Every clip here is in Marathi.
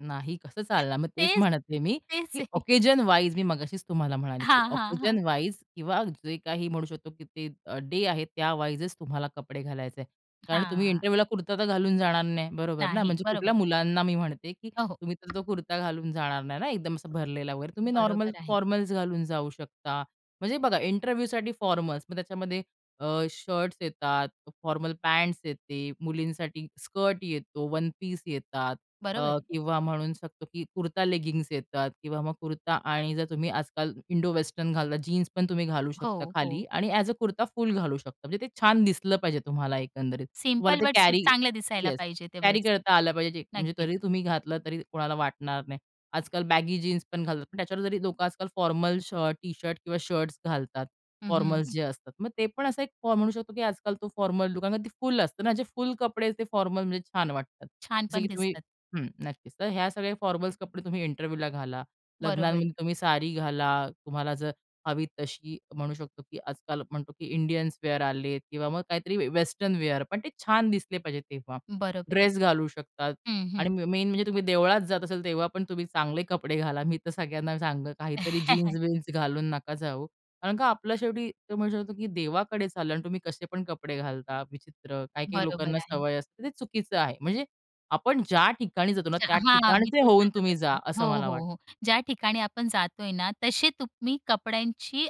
नाही कसं चालणार? मग तेच तेच म्हणत आहे मी, तेच की आहे. ओकेशनवाईज मी मगाशीच तुम्हाला म्हणाले, की हां, हां, हां. ओकेशनवाईज किंवा जे काही म्हणू शकतो की ते अ, डे आहेत त्या वाईजचं तुम्हाला कपडे घालायचे. कारण तुम्ही हां. इंटरव्ह्यूला कुर्ता तर घालून जाणार नाही बरोबर ना. नाही, म्हणजे बरोबर. कुठल्या मुलांना मी म्हणते, की अ, हो. तुम्ही तर तो कुर्ता घालून जाणार नाही ना? एकदम असा भरलेला वगैरे तुम्ही नॉर्मल बरोबर आहे. फॉर्मल्स घालून जाऊ शकता. म्हणजे बघा इंटरव्ह्यूसाठी फॉर्मल्स मग त्याच्यामध्ये अ, शर्ट्स येतात, फॉर्मल पँट्स येते, मुलींसाठी स्कर्ट येतो, वनपीस येतात. अ, बरोबर आहे. किंवा म्हणू शकतो, की कुर्ता, लेगिंग्ज येतात किंवा मग कुर्ता आणि जर तुम्ही आजकाल इंडोवेस्टर्न घालता जीन्सपण तुम्ही घालू शकता हो, खाली हो. आणि ॲज अ कुर्ता फुल घालू शकता. म्हणजे ते छान दिसलं पाहिजे तुम्हाला एकंदरीत. तुम्हाला सिंपल ते बट स्वीट कॅरी चांगलं दिसायला येस पाहिजे ते कॅरी बस. करता आलं पाहिजे म्हणजे नक्कीच. तरी तुम्ही घातलं तरी कोणाला वाटणार नाही. आजकाल बॅगी जीन्स पण घालतात. पण त्याच्यावर जरी लोकं आजकाल फॉर्मल शर्ट, टी शर्ट किंवा शर्ट्स घालतात. हं, हं. फॉर्मल्स जे असतात मग ते पण असा एक म्हणू शकतो, की आजकाल तो फॉर्मल कारण ती फुल असतं ना जे फुल कपडे आहेत ते फॉर्मलमध्ये छान वाटतात. छान जसं पण की तुम्ही दिसतात. हं. नक्कीच. तर ह्या सगळ्या फॉर्मल्स कपडे तुम्ही इंटरव्ह्यूला घाला. बरोबर आहे. लग्नांमध्ये तुम्ही साडी घाला. तुम्हाला जर हवी तशी म्हणू शकतो, की आजकाल म्हणतो, की इंडियन्स वेअर आलेत किंवा मग काहीतरी वेस्टर्न वेअर पण ते छान दिसले पाहिजे तेव्हा. बरोबर आहे. ड्रेस घालू शकतात हं, आणि हं. मेन म्हणजे तुम्ही देवळात जात असाल तेव्हा पण तुम्ही चांगले कपडे घाला. मी तर सगळ्यांना सांगेल काहीतरी जीन्स-विन्स घालून नका जाऊ. कारण का आपल्या शेवटी तो म्हणू शकतो, की देवाकडे चालला आणि तुम्ही कसे पण कपडे घालता विचित्र. काही काही लोकांना बरोबर आहे. सवय असते तर ते चुकीचं आहे. म्हणजे आपण ज्या ठिकाणी जातो ना, अच्छा, त्या हां, मी ठिकाणचे तेच होऊन सांगत तुम्ही जा. होती. हो, असं मला हो, वाटतं. हो, ज्या ठिकाणी आपण जातोय ना, तसे तुम्ही कपड्यांची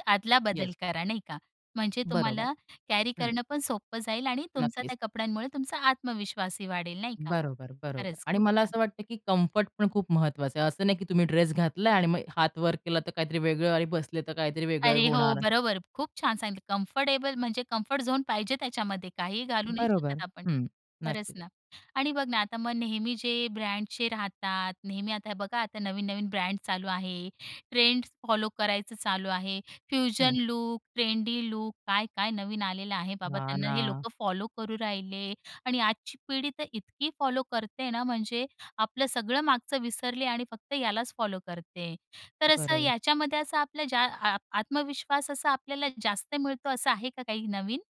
येस. अदलाबदल करा. नाही का? म्हणजे बरोबर. तुम्हाला कॅरी हं. करणंपण सोपं जाईल आणि तुमचा नक्कीच. त्या कपड्यांमुळे तुमचा आत्मविश्वासही वाढेल. नाही का. बरोबर, बरोबर खरंच आणि खूप मला छान. असं वाटतं, की कम्फर्टपण खूप महत्त्वाचं आहे. असं नाही, की तुम्ही ड्रेस घातला आणि मग हात वर केला तर काहीतरी वेगळं आणि बसले तर काहीतरी वेगळं अरे, हो. होणार. बरोबर. खूप छान सांगितलं कम्फर्टेबल म्हणजे कम्फर्ट झोन पाहिजे त्याच्यामध्ये काहीही घालू नाही बरोबर. शकत आपण. हं. खरंच नक्कीच. ना. आणि बघ ना आता मग नेहमी जे ब्रँडचे राहतात. नेहमी आता हे बघा आता नवीन नवीन ब्रँड चालू आहे. ट्रेंड फॉलो करायचं चालू आहे. फ्युजन हं. लूक, ट्रेंडी लूक काय-काय नवीन आलेलं आहे बाबा हां त्यांना हे ना. लोकं फॉलो करू राहिले. आणि आजची पिढी तर इतकी फॉलो करते ना, म्हणजे आपलं सगळं मागचं विसरले आणि फक्त यालाच फॉलो करते. तर असं बरोबर. याच्यामध्ये असं आपलं ज्या आ आत्मविश्वास असा आपल्याला जास्त मिळतो असं आहे का काही नवीन?